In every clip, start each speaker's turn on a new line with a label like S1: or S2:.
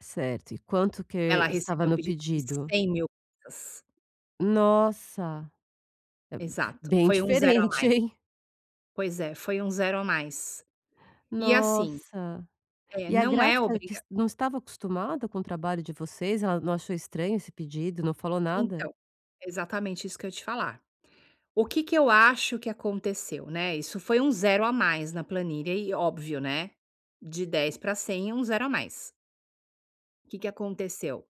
S1: Certo, e quanto
S2: Ela
S1: que estava
S2: recebeu um
S1: no
S2: pedido de
S1: pedido?
S2: 100.000. [unintelligible]
S1: Nossa, é
S2: Exato,
S1: bem
S2: foi um 0 a
S1: diferente,
S2: mais.
S1: hein?
S2: Pois é, foi um 0 a mais. E assim,
S1: Nossa,
S2: eh
S1: e a
S2: não é
S1: gráfica que
S2: obriga
S1: não estava acostumada com o trabalho de vocês, ela não achou estranho esse pedido, não falou nada?
S2: Então. Exatamente isso que eu ia te falar. O que que eu acho que aconteceu né, isso foi um 0 a mais na planilha e óbvio, né. De 10 pra 100 é um 0 a mais. Que que aconteceu?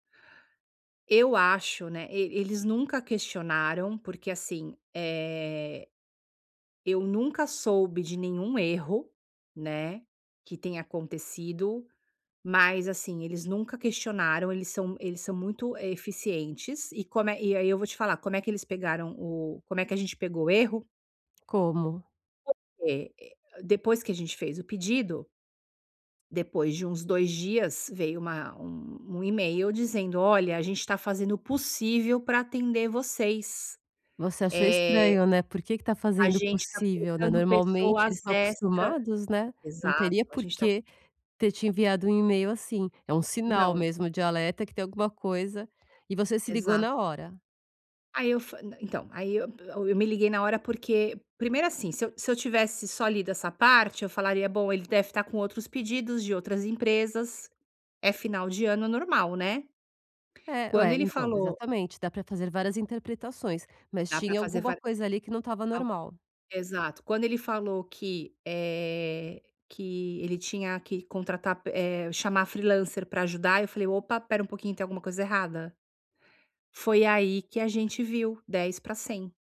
S2: Eu acho né, e eles nunca questionaram porque, assim, eh, eu nunca soube de nenhum erro, né, que tenha acontecido, mas assim, eles nunca questionaram, eles são eles são muito eficientes e como eh, e aí eu vou te falar, como é que eles pegaram o como é que a gente pegou o erro?
S1: Como?
S2: Porque depois que a gente fez o pedido depois de uns 2 dias, veio uma um um e-mail dizendo olha a gente tá fazendo o possível pra atender vocês.
S1: Você achou
S2: Eh,
S1: estranho né, por que que tá
S2: a
S1: fazendo o
S2: gente tá
S1: possível né,
S2: colocando
S1: normalmente eles
S2: pessoas
S1: estão
S2: extra
S1: acostumados né, não
S2: Exato,
S1: teria
S2: a gente tá
S1: porque ter te enviado um e-mail assim, é um sinal
S2: Não.
S1: mesmo de alerta que tem alguma coisa e você se ligou
S2: Exato.
S1: na hora?
S2: Aí eu fa então aí eu [unintelligible] me liguei na hora porque primeiro assim se eu se eu tivesse só lido essa parte eu falaria bom ele deve estar com outros pedidos de outras empresas é final de ano normal, né.
S1: É,
S2: Quando
S1: ué,
S2: ele
S1: então
S2: falou
S1: exatamente dá pra fazer várias interpretações, mas
S2: dá pra
S1: tinha
S2: fazer
S1: alguma
S2: va
S1: coisa ali que não estava
S2: algo
S1: normal.
S2: exato, quando ele falou que eh, que ele tinha que contratar eh chamar freelancer pra ajudar eu falei: "Opa espera um pouquinho tem alguma coisa errada.". Foi aí que a gente viu 10 pra 100.